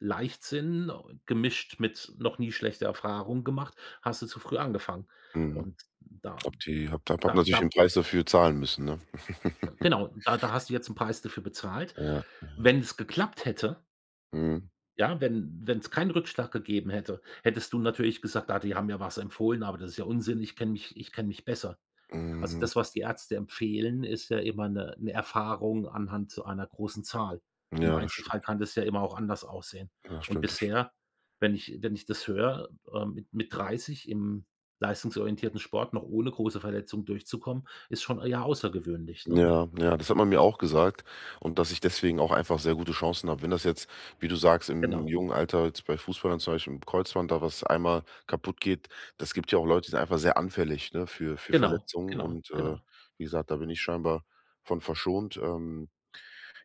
Leichtsinn gemischt mit noch nie schlechter Erfahrung gemacht, hast du zu früh angefangen. Mhm. Und da Ob die habe da habe da natürlich da den Preis dafür zahlen müssen, ne? Genau, da da hast du jetzt 'n Preis dafür bezahlt. Ja. Ja Wenn es geklappt hätte Mhm. Ja, wenn wenn's keinen Rückschlag gegeben hätte, hättest du natürlich gesagt: „Ah, die haben ja was empfohlen, aber das ist ja Unsinn. Ich kenne mich ich kenn mich besser.“ Also Mhm. das, was die Ärzte empfehlen, ist ja immer 'ne 'ne Erfahrung anhand zu einer großen Zahl. Im Ja, das stimmt. Einzelfall kann das ja immer auch anders aussehen. Das Und stimmt, das stimmt. bisher, wenn ich wenn ich das höre, ähm, mit mit 30 im leistungsorientierten Sport noch ohne große Verletzungen durchzukommen, ist schon eher außergewöhnlich, ne? Ja, ja, das hat man mir auch gesagt und dass ich deswegen auch einfach sehr gute Chancen habe. Wenn das jetzt, wie du sagst, im Genau. jungen Alter jetzt bei Fußballern zum Beispiel im Kreuzband, da was einmal kaputt geht, das gibt ja auch Leute, die sind einfach sehr anfällig, ne? Für für Genau, Verletzungen. genau, Und, äh, genau. wie gesagt, da bin ich scheinbar von verschont. Ähm,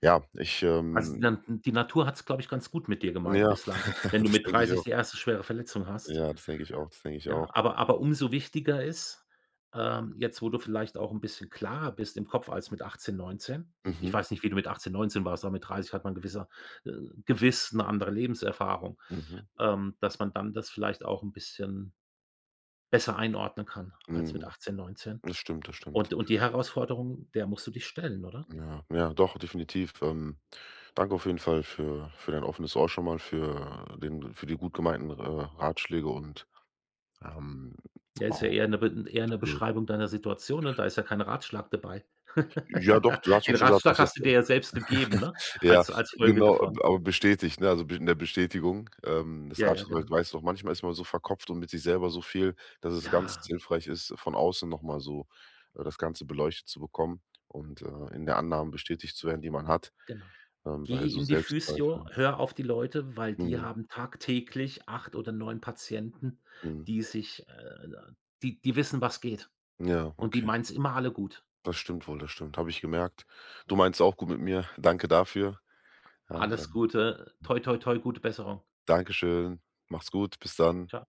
ja, ich, Also ähm dann die Natur hat es, glaube ich, ganz gut mit dir gemeint ja, bislang, wenn du das mit denke ich 30 auch. die erste schwere Verletzung hast. Ja, das denk ich auch das denk ich Ja, auch. aber aber umso wichtiger ist, ähm, jetzt, wo du vielleicht auch 'n bisschen klarer bist im Kopf als mit 18, 19 Ich ich Mhm. weiß nicht, wie du mit 18, 19 warst, aber mit 30 hat man gewisser äh, gewiss 'ne andere Lebenserfahrung, Mhm. ähm, dass man dann das vielleicht auch 'n bisschen besser einordnen kann als mit Mhm. 18 19 Das stimmt. Das stimmt. Und und die Herausforderung, der musst du dich stellen, oder? Ja, ja, doch, definitiv. Ähm. Danke auf jeden Fall für für dein offenes Ohr schon mal, für den für die gut gemeinten R äh, Ratschläge und ähm, Ja, ist ja auch eher 'ne Be eher 'ne [unintelligible] Beschreibung deiner Situation, ne? Da ist ja kein Ratschlag dabei. Ja, doch, du hast doch Den schon gesagt, was Ratschlag ich hast jetzt du dir ja selbst gegeben, ne? ja, Als als Folge genau, davon. aber aber bestätigt, ne? Also be 'ne Bestätigung, ähm, des Ja, ja, Ratschlags [unintelligible] genau. weiß doch manchmal ist man so verkopft und mit sich selber so viel, dass es ganz Ja. hilfreich ist, von außen noch mal so, äh, das Ganze beleuchtet zu bekommen und, äh, in der Annahme bestätigt zu werden, die man hat, Genau. ähm, bei Geh so in die Physio, Selbstzweifeln. hör auf die Leute, weil die Mhm. haben tagtäglich 8 oder 9 Patienten, Mhm. die sich äh, die die wissen, was geht. Ja, Und die okay. meinen's immer alle gut. Das stimmt wohl, das stimmt. Habe ich gemerkt. Du meinst auch gut mit mir. Danke dafür. Alles Ähm Gute, toi toi toi, gute Besserung. Dankeschön. Mach's gut. Bis dann. Ciao.